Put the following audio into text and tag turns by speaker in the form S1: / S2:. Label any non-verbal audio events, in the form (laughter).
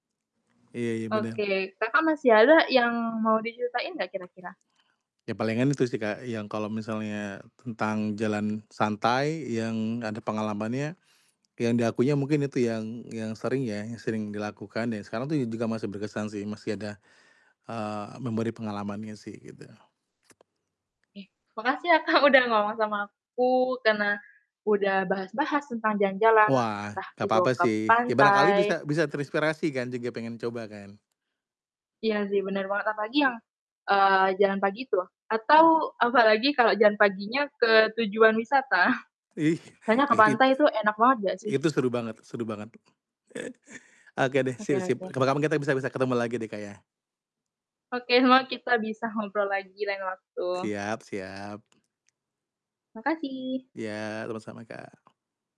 S1: Iya ya, bener.
S2: Oke, Kakak masih ada yang mau diceritain gak kira-kira?
S1: Ya palingan itu sih Kak, yang kalau misalnya tentang jalan santai, yang gak ada pengalamannya, yang di akunya mungkin itu yang yang sering ya, yang sering dilakukan ya, sekarang tuh juga masih berkesan sih, masih ada, eee, memberi pengalamannya sih, gitu.
S2: Oke, makasih ya Kak, udah ngomong sama aku, karena udah bahas-bahas tentang jalan-jalan,
S1: Wah,
S2: entah
S1: gak
S2: itu
S1: apa-apa
S2: ke
S1: sih. Ya barangkali
S2: pantai
S1: bisa bisa terinspirasi kan, juga pengen coba kan.
S2: Iya sih, bener banget, apalagi yang, eee, jalan pagi itu, atau
S1: Mh
S2: apalagi kalau jalan paginya ke tujuan wisata, (chuckles)
S1: Ih!
S2: soalnya ke
S1: Ed it
S2: pantai itu enak banget gak sih?
S1: itu seru banget, seru banget. (chuckles) Oke deh,
S2: Oke
S1: sip sip.
S2: oke.
S1: Kapan-kapan kita bisa bisa ketemu lagi deh Kak, ya.
S2: Oke, semoga kita bisa ngobrol lagi lain waktu.
S1: Siap, siap.
S2: Makasih.
S1: Ya, sama-sama Kak.